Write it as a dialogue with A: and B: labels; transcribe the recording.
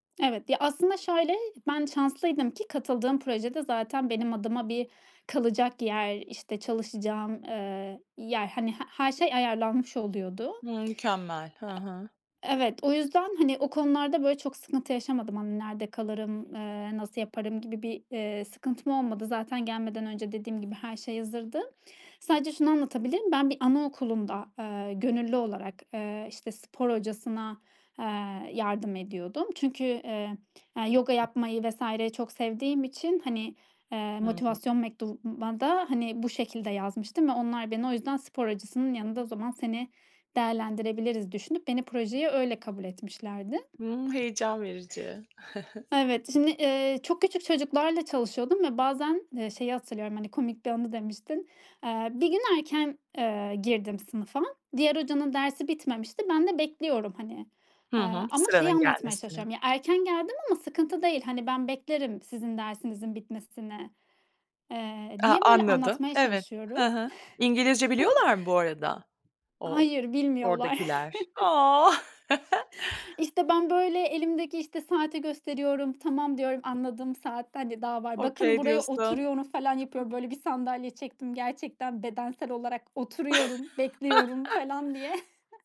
A: Evet. Ya, aslında şöyle, ben şanslıydım ki katıldığım projede zaten benim adıma bir kalacak yer, işte, çalışacağım, eee, yer, hani he her şey ayarlanmış oluyordu.
B: Hıı, mükemmel. Hı hı.
A: E evet. O yüzden hani o konularda böyle çok sıkıntı yaşamadım. Hani nerede kalırım, eee, nasıl yaparım gibi bir, eee, sıkıntım olmadı. Zaten gelmeden önce dediğim gibi her şey hazırdı. Sadece şunu anlatabilirim: Ben bir anaokulunda, eee, gönüllü olarak, eee, işte, spor hocasına, eee, yardım ediyordum. Çünkü, eee, yoga yapmayı vs. çok sevdiğim için hani, eee,
B: Hı.
A: motivasyon mektubuma da hani bu şekilde yazmıştım ve onlar beni o yüzden "Spor hocasının yanında o zaman seni değerlendirebiliriz." düşünüp beni projeye öyle kabul etmişlerdi.
B: Hı, heyecan verici.
A: Evet şimdi, eee, çok küçük çocuklarla çalışıyordum ve bazen, eee, şeyi hatırlıyorum, hani, komik bir anı demiştin. Eee, bir gün erken, eee, girdim sınıfa. Diğer hocanın dersi bitmemişti. Ben de bekliyorum hani,
B: Hı
A: eee,
B: hı,
A: ama şeyi
B: sıranın
A: anlatmaya
B: gelmesini.
A: çalışıyorum; "Ya, erken geldim ama sıkıntı değil. Hani ben beklerim sizin dersinizin bitmesini." Eee,
B: A,
A: diye böyle
B: anladım.
A: anlatmaya
B: Evet.
A: çalışıyorum.
B: Hı hı. İngilizce biliyorlar mı bu arada? O
A: Hayır bilmiyorlar.
B: oradakiler? A.
A: İşte, ben böyle elimdeki, işte, saati gösteriyorum. "Tamam." diyorum, anladığım saat hadi daha var. "Bakın
B: "Okay."
A: buraya
B: diyorsun.
A: oturuyorum." falan yapıyorum. Böyle bir sandalye çektim. Gerçekten bedensel olarak oturuyorum, bekliyorum falan diye.